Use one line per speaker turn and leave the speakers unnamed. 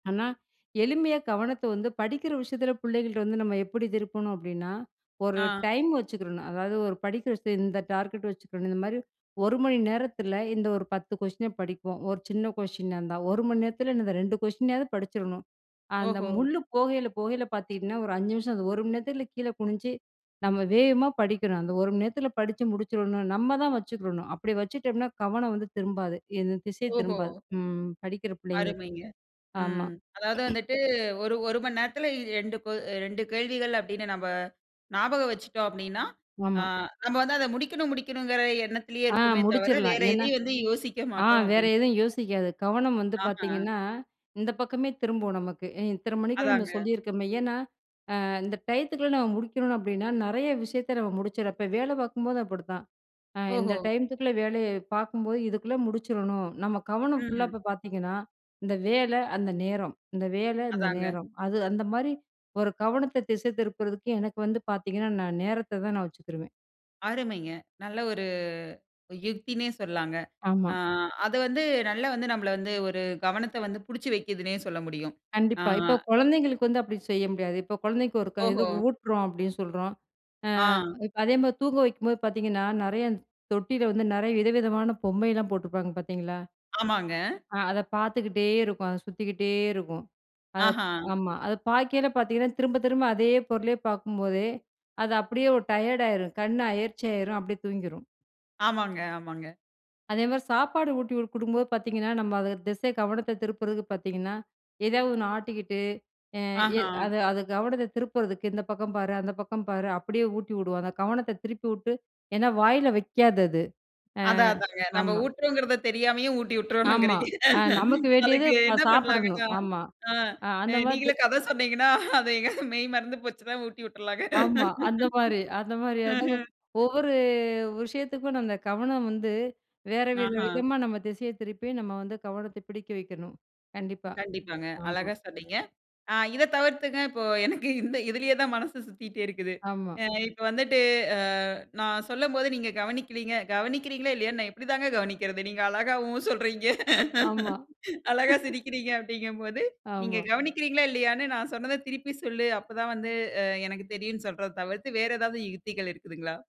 ஆனா, எளிமையா கவனத்தை வந்து படிக்கிற விஷயத்தில பிள்ளைங்கள்ட்ட வந்து நம்ம எப்படி திருப்பணும் அப்படின்னா, ஒரு
ஆ
டைம் வச்சுக்றணும். அதாவது ஒரு படிக்கிற விஷயம், இந்த டார்கெட் வச்சுக்கறணும். இந்த மாதிரி 1 மணி நேரத்தில இந்த ஒரு 10 கொஸ்டின படிப்போம். ஒரு சின்ன கொஸ்டினா இருந்தா, 1 மணி நேரத்தில இந்த இந்த 2 கொஸ்டினையாவது படிச்சுரணும். அந்த
ஓஹோ.
முள்ளு போகையில, போகையில பாத்தீங்கன்னா, ஒரு 5 நிமிஷம், அந்த 1 மணி நேரத்தில கீழே குனிஞ்சி நம்ம வேகமா படிக்கணும். அந்த 1 மணி நேரத்தில படிச்சு முடிச்சுடணும். நம்ம தான் வச்சுக்கரணும். அப்படி வச்சிட்டோம்னா, கவனம் வந்து திரும்பாது. இது திசை
ஓஹோ.
திரும்பாது ம் படிக்கிற பிள்ளைங்களுக்கு.
அருமைங்க.
ஆமா.
ம் அதாவது வந்துட்டு, ஒரு 1 மணி நேரத்தில 2 கொ அ 2 கேள்விகள் அப்டின்னு நம்ப ஞாபகம் வச்சுட்டோம் அப்டின்னா, அ
ஆமா.
நம்ம வந்து அதை முடிக்கணும் முடிக்கணும்கற எண்ணத்திலயே
ஆ
இருப்போமே தவிர,
முடிச்சுரலாம்.
வேற
ஏன்னா,
எதையும் வந்து யோசிக்க
ஆ
மாட்டோம்
வேறு
அப்டின்றிங்க.
எதுவும் யோசிக்காது. கவனம் வந்து
ஆஹ,
பாத்தீங்கன்னா, இந்த பக்கமே திரும்பும் நமக்கு. இ இத்தன மணிக்கு நம்ம
அதாங்க.
சொல்லியிருக்கோமே, ஏன்னா, அ இந்த டைத்துக்குள்ள நம்ம முடிக்கணும் அப்படின்னா, நெறைய விஷயத்தை நம்ம முடிச்சுடுறப்போ, வேலை பாக்கும்போதும் அப்படிதான், அ இந்த
ஓஹோ!
டையத்துக்குள்ளே வேலைய பாக்கும்போது, இதுக்குள்ளே முடிச்சுறணும், நம்ம கவனம் ஃபுல்லா
ம்.
இப்போ பாத்தீங்கன்னா, இந்த வேலை, அந்த நேரம். இந்த வேலை, இந்த
அதாங்க.
நேரம். அது அந்த மாரி, ஒரு கவனத்தை திசை திருப்புறதுக்கு எனக்கு வந்து பாத்தீங்கன்னா "நான் நேரத்தை தான் நான் வச்சுக்குருவேன்."
அருமைங்க. நல்ல ஒரு யுக்தின்னே சொல்லலாங்க.
ஆமா.
ஆ, அது வந்து நல்ல வந்து நம்மள வந்து, ஒரு கவனத்த வந்து புடிச்சு வைக்கிதுன்னே சொல்ல முடியும். ஆ,
கண்டிப்பா. இப்போ கொழந்தைங்களுக்கு வந்து அப்டி செய்ய முடியாது. இப்போ குழந்தைக்கு ஒரு க இது
ஓஹோ!
ஊட்டுறோம் அப்டின்னு சொல்றோம், அ
ஆ.
இப்ப அதே மாரி தூங்க வைக்கும்போது பாத்தீங்கன்னா நெறைய, இந் தொட்டில வந்து நெறைய விதவிதமான பொம்மைலாம் போட்டிருப்பாங்க பாத்தீங்களா
ஆமாங்க.
ஆ அதை பாத்துக்கிட்டே இருக்கும். அது சுத்திக்கிட்டே இருக்கும். அதை
ஆஹா.
ஆமா. அதை பாக்கயில பாத்தீங்கன்னா, திரும்ப திரும்ப அதே பொருளையே பாக்கும்போதே, அது அப்படியே ஒரு டயர்டா ஆயிரும் கண் அயர்ச்சி ஆயிரும் அப்டியே தூங்கிரும்.
ஆமாங்க, ஆமாங்க.
அதேமாரி சாப்பாடு ஊட்டி குடு குடுக்கும்போது பாத்தீங்கன்னா நம்ம அது திசை கவனத்த திருப்புறதுக்கு பாத்தீங்கன்னா ஏதாவது ஒண்ணு ஆட்டிக்கிட்டு எ எ
ஆஹா,
அது அது கவனத்த திருப்புறதுக்கு, இந்த பக்கம் பாரு, அந்த பக்கம் பாரு, அப்படியே ஊட்டி உடுவாங்க. கவனத்த திருப்பி உட்டு, ஏன்னா வாயில வைக்காது அது. அ
அதான் அதாங்க. நம்ம
ஆமா.
ஊட்டுறோம்ங்கிறதை தெரியாமயே, ஊட்டி
ஆமா.
உட்டுறோணுங்கிறீங்க.
அ நமக்கு வேண்டியது
அதுக்கு
இப்போ
என்ன பண்ணலாங்க?
சாப்பிடணும். ஆமா
அ
அ
அ
அந்த மாதி
நீங்களே கதை சொன்னீங்கன்னா, அது எங்கயாது மெய் மறந்து போச்சுனா ஊட்டி உட்டுறலாங்க.
ஆமா. அந்த மாரி அந்த மாதிரியா தாங்க,
ம்ஹ்ம்.
ஒவ்வொரு விஷயத்துக்கும் நம்ம கவனம் வந்து, வேற வேற
ஆஹா,
விதமா நம்ம திசைய திருப்பி, நம்ம வந்து கவனத்த பிடிக்க வைக்கணும். கண்டிப்பா.
கண்டிப்பாங்க.
ஆமா.
அழகா சொன்னீங்க. ஆ இதை தவிர்த்துங்க, இப்போ எனக்கு இந்த இதிலயே தான் மனசு சுத்திக்டே இருக்குது.
ஆமா.
அ இப்போ வந்துட்டு அ, நான் சொல்லம்போது நீங்க கவனிக்கிறீங்க. கவனிக்கிறீங்களா, இல்லையான்னு நான் எப்படி தான் கவனிக்கிறது. நீங்க அழகா உம் சொல்றீங்க.
ஆமா.
அழகா சிரிக்கிறீங்க அப்டிங்கும் போது, நீங்க
ஆமா.
கவனிக்கிறீங்களா, இல்லையான்னு நான் சொன்னத திருப்பி சொல்லு, அப்போ தான் வந்து அ எனக்கு தெரியும்ன்னு சொல்றத தவிர்த்து, வேற ஏதாவது யுக்திகள் இருக்குதுங்களா?